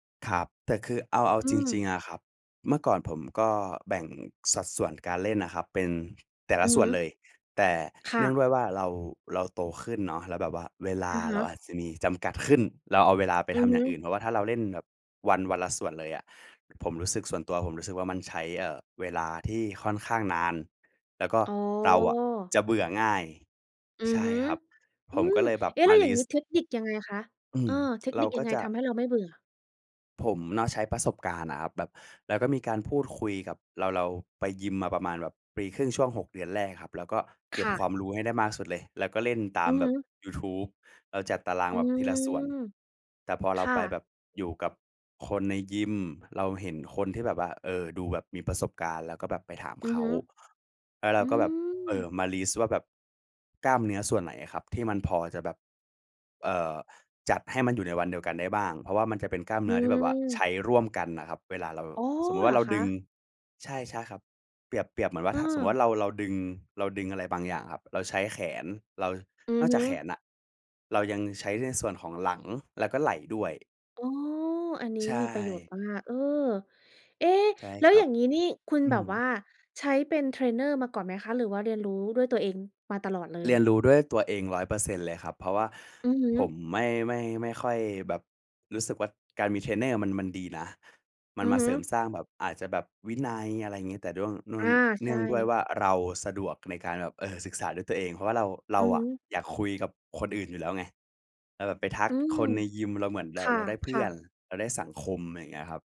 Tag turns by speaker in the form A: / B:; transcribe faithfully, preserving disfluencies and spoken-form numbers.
A: ครับ แต่คือเอา เอา
B: อื
A: จริ
B: ม
A: ง ๆ อะครับ เมื่อก่อนผมก็แบ่งสัดส่วนการเล่นอะครับ เป็นแต่ล
B: อื
A: ะ
B: อฮ
A: ส่วนเล
B: ึ
A: ย แต่
B: ค
A: เ
B: ่
A: นื่อ
B: ะ
A: งด้วยว่า เรา เราโตขึ้นเนาะ แล้วแบบว่าเวล
B: อ
A: า
B: ะฮ
A: เราอ
B: ะ
A: าจจะมีจำกัดขึ้น เราเอาเวลาไป
B: อื
A: ท
B: อ
A: ำ
B: ฮ
A: อย่างอ
B: ึ
A: ื่น เพราะว่าถ้าเราเล่นแบบวัน วันละส่วนเลยอะ ผมรู้สึก ส่วนตัวผมรู้สึกว่า มันใช้ เอ่อ เวลาที่ค่อนข้างนาน แล้วก็
B: อ๋
A: เราอะ
B: อ
A: จะเบื่อง่าย
B: อื
A: ใ
B: อ
A: ช
B: ฮ
A: ่
B: ึ
A: ครับ
B: อ
A: ผ
B: ื
A: ม
B: ม
A: ก็เลยแบบ
B: เอ๊ะ แ
A: ม
B: ล
A: า
B: ้วอย
A: ล
B: ่า
A: ิ
B: งงี
A: ส
B: ้
A: ต์
B: เทคนิคยังไงคะ?
A: อื
B: เออ
A: ม
B: เทค
A: เ
B: น
A: ร
B: ิ
A: า
B: คย
A: ก
B: ั
A: ็
B: งไง
A: จะ
B: ทำให้เราไม่เบื่อ?
A: ผมเนาะ ใช้ประสบการณ์อะครับ แบบเราก็มีการพูดคุยกับ เรา เราไปยิมมาประมาณแบบปีครึ่ง ช่วง หก เดือนแรกครับ เราก็เก
B: ค
A: ็บ
B: ่
A: ค
B: ะ
A: วามรู้ให้ได้มากสุดเลย แล้วก็เล่นตา
B: อื
A: ม
B: อ
A: แ
B: ฮ
A: บบ
B: ึ
A: ยูทูบ เราจัดตาราง
B: อื
A: แบบที
B: ม
A: ละส่วน แต่พอ
B: ค
A: เรา
B: ่
A: ไปแ
B: ะ
A: บบอยู่กับคนในยิม เราเห็นคนที่แบบว่า เออ ดูแบบมีประสบการณ์ แล้วก็แบบไปถาม
B: อื
A: เข
B: อฮ
A: า
B: ึ
A: แล้วเร
B: อ
A: า
B: ื
A: ก็แบบ เอ่อ
B: ม
A: มาลิสต์ว่าแบบกล้ามเนื้อส่วนไหนอะครับ ที่มันพอจะแบบ เอ่อ จัดให้มันอยู่ในวันเดียวกันได้บ้าง เพราะว่ามันจะเป็นกล้าม
B: อ
A: เนื้อที่แบบว่า ใช
B: ืม
A: ้ร่วมกันน่ะครับ เวลาเรา
B: อ๋อ
A: สมมุติว
B: เ
A: ่
B: หร
A: าเ
B: อ
A: รา
B: ค
A: ดึง
B: ะ?
A: ใช่ ๆ ครับ เปรียบ เปรียบเหมือนว่า ถ้าสมมติ
B: เออ
A: ว่า เรา เราดึง เราดึงอะไรบางอย่างครับ เราใช้แขน เรา
B: อื
A: น
B: อ
A: อก
B: ฮ
A: จา
B: ึ
A: กแขนอะ เรายังใช้ในส่วนของหลัง แล้วก็ไหล่ด้วย
B: อ๋อ อันนี้
A: ใช
B: มีประโยชน
A: ่
B: ์มาก เออ เอ๊ะ
A: ใช่
B: แล้
A: ค
B: ว
A: ร
B: อ
A: ั
B: ย่
A: บ
B: างงี้นี่ คุณ
A: อื
B: แบบ
A: อ
B: ว่าใช้เป็นเทรนเนอร์มาก่อนไหมคะ? หรือว่าเรียนรู้ด้วยตัวเองมาตลอดเล
A: เรียน
B: ย?
A: รู้ด้วยตัวเอง ร้อยเปอร์เซ็นต์ เลยครับ เพราะว่า
B: อือฮ
A: ผม
B: ึ
A: ไม่ ไม่ ไม่ค่อยแบบรู้สึกว่า การมีเทรนเนอร์มัน มันดีนะ มัน
B: อื
A: ม
B: อ
A: า
B: ฮ
A: เ
B: ึ
A: สริมสร้างแบบอาจจะแบบวินัย อะไรอย่างงี้ แต่เดื้อง เนื
B: อ
A: ่อ
B: า
A: ง
B: ใ
A: เน
B: ช
A: ื่องด้วยว
B: ่
A: ่าเราสะดวกในการแบบ เอ่อ ศึกษาด้วยตัวเอง เพราะว่าเรา เร
B: อ
A: า
B: ือ
A: อ
B: ฮ
A: ะ
B: ึ
A: อยากคุยกับคนอื่นอยู่แล้วไง เราแบบไปทั
B: อื
A: ก
B: ม
A: คนในยิม เราเหมือนแ
B: ค
A: บบเราได้เพื่
B: ่ะ
A: อ
B: ๆ
A: น เราได้สังคม ไรอย่างเงี้ยครับ